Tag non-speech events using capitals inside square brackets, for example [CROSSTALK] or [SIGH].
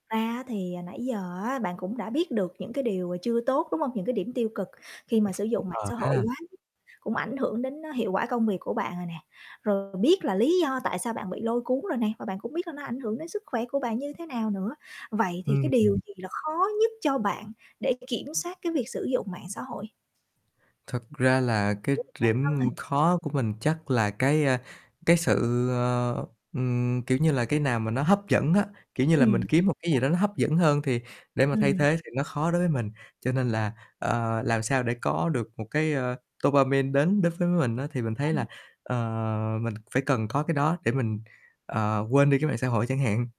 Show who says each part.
Speaker 1: Thật ra á, thì nãy giờ á, bạn cũng đã biết được những cái điều chưa tốt, đúng không? Những cái điểm tiêu cực khi mà sử
Speaker 2: [CHUCKLES]
Speaker 1: dụng mạng
Speaker 2: Ờ
Speaker 1: xã hội
Speaker 2: ha.
Speaker 1: quá mức cũng ảnh hưởng đến hiệu quả công việc của bạn rồi nè. Rồi biết là lý do tại sao bạn bị lôi cuốn rồi nè, và bạn cũng biết là nó ảnh hưởng đến sức khỏe của bạn như thế nào nữa. Vậy thì
Speaker 2: Ưm,
Speaker 1: cái điều
Speaker 2: ừm.
Speaker 1: gì là khó nhất cho bạn để kiểm soát cái việc sử dụng mạng xã hội?
Speaker 2: Thật ra là cái
Speaker 1: Kiểu về bản
Speaker 2: điểm
Speaker 1: thân hả?
Speaker 2: khó của mình chắc là cái, a, cái sự, ờ, ừm, kiểu như là, cái nào mà nó hấp dẫn á, kiểu như là, mình
Speaker 1: Ừm.
Speaker 2: kiếm một cái gì
Speaker 1: [UNINTELLIGIBLE]
Speaker 2: đó nó hấp dẫn hơn thì để mà thay
Speaker 1: Ừm.
Speaker 2: thế thì nó khó đối với mình. Cho nên là, ờ, làm sao để có được một cái, ơ, dopamine đến đến với mình á, thì mình thấy là,
Speaker 1: Ừm.
Speaker 2: ờ, mình phải cần có cái đó để mình, ờ, quên đi cái mạng xã hội chẳng hạn.